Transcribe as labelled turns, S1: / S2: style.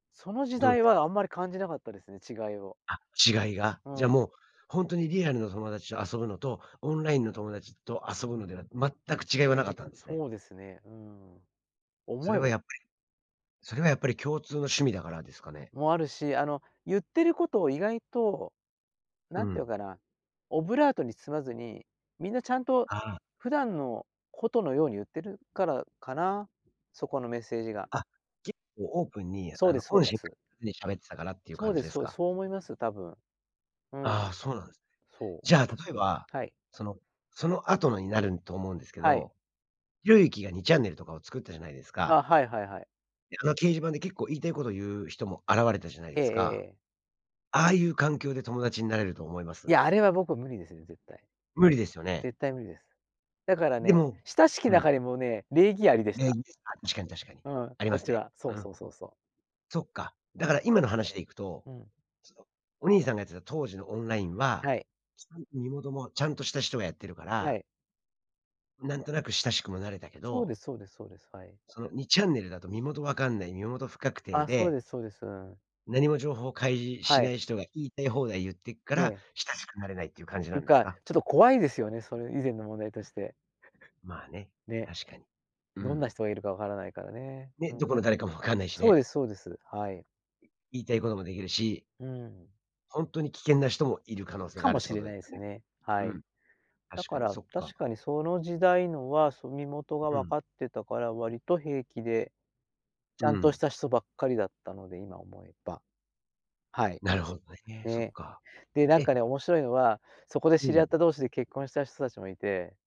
S1: その時
S2: どう
S1: 代
S2: すか？
S1: は、あんまり感じなかったですね、違いを。
S2: あ、違いが。
S1: う
S2: じゃ、
S1: ん。
S2: もう、ほんとにリアルの友達と遊ぶのとオンラインの友達と遊ぶのでは、全く違いはなかったんすね。
S1: そうですね、うん。
S2: そ
S1: 思
S2: れ
S1: え
S2: は
S1: ば
S2: やっぱりそれはやっぱり共通の趣味だからですかね？
S1: も、あるし、あの、言ってることを意外と、
S2: う
S1: なんて言う
S2: ん。
S1: かな？オブラートに包まずにみんなちゃんと、
S2: ああ。
S1: 普段のことのように言ってるからかな？そこのメッセージが。
S2: あ、結構オープンに、
S1: そう
S2: あ
S1: で
S2: の、
S1: す、そう
S2: 本
S1: で
S2: 心
S1: す。
S2: で喋ってたからっていう
S1: そう
S2: 感
S1: で
S2: じで
S1: す、
S2: す
S1: そう、
S2: か？
S1: そう思います、多分。う
S2: ああ、
S1: ん。
S2: そうなんすね。
S1: そう。
S2: じゃあ、例えば、
S1: はい。
S2: そのそのあとのになるんと思うんですけ
S1: はい。
S2: ど、ひろゆきが2ちゃんねるとかを作ったじゃないです
S1: あ、
S2: か
S1: はいはいはい。
S2: あの、掲示板で結構言いたいこと言う人も現れたじゃない
S1: え
S2: で
S1: ええ
S2: す
S1: え
S2: か、
S1: ええ。
S2: ああいう環境で友達になれると思いま
S1: い
S2: す？
S1: や、あれは僕、無理ですね、絶対。
S2: 無理ですよね。
S1: 絶対無理です。だから
S2: で
S1: ね、
S2: も
S1: 親しき
S2: う
S1: 中
S2: ん。
S1: にもね、礼儀ありでし
S2: 礼
S1: た。
S2: 儀。あ、確かに、確かに。
S1: うん、
S2: あり
S1: こ
S2: ま
S1: っ
S2: す
S1: ち
S2: ね。
S1: は。そう
S2: う
S1: そ
S2: ん。
S1: うそうそう。
S2: そっか、だから今の話でいくと、
S1: うん。
S2: そう、お兄さんがやってた当時のオンラインは、
S1: はい。
S2: さんと身元もちゃんとした人がやってるか
S1: は
S2: ら
S1: い。
S2: なんとなく親しくもなれたけ
S1: そう
S2: ど
S1: ですそうですそうです、はい。
S2: その、2ちゃんねるだと身元わかんない、身元不確定
S1: あ、そう
S2: で
S1: ですそうです、うん。
S2: 何も情報開示し
S1: は
S2: な
S1: い。
S2: い人が、言いたい放題言ってくか
S1: ね
S2: ら
S1: え。
S2: 親しくなれないっていう感じ
S1: い
S2: な
S1: う
S2: んです
S1: か、
S2: か？
S1: ちょっと怖いですよね、それ以前の問題として。
S2: まあね、
S1: ね、
S2: 確かに。う
S1: どんな
S2: ん。
S1: 人がいるかわからないからね、
S2: ね、
S1: うん。
S2: どこの誰かも分かんないし
S1: そう
S2: ね。
S1: ですそうです。はい。
S2: 言いたいこともできるし
S1: うん。
S2: ほんとに危険な人もいる可能性
S1: か
S2: がある
S1: も
S2: って
S1: し
S2: こ
S1: れ
S2: とでよ
S1: ないす
S2: ね？
S1: ね、は
S2: うん。
S1: い。だ
S2: 確か
S1: か
S2: に、
S1: ら、
S2: そっか。
S1: 確かに、その時代のは、そ、身元が
S2: う
S1: 分
S2: ん。
S1: かってたから、割と平気で、ち
S2: う
S1: ゃんとし
S2: ん。
S1: た人ばっかりだったので、今思えば。はい。
S2: なるほどね、そっ
S1: ね。
S2: か、
S1: で、なん
S2: え？
S1: かね、面白いのは、そこで
S2: う
S1: 知り合っ
S2: ん。
S1: た同士で結婚した人たちもいて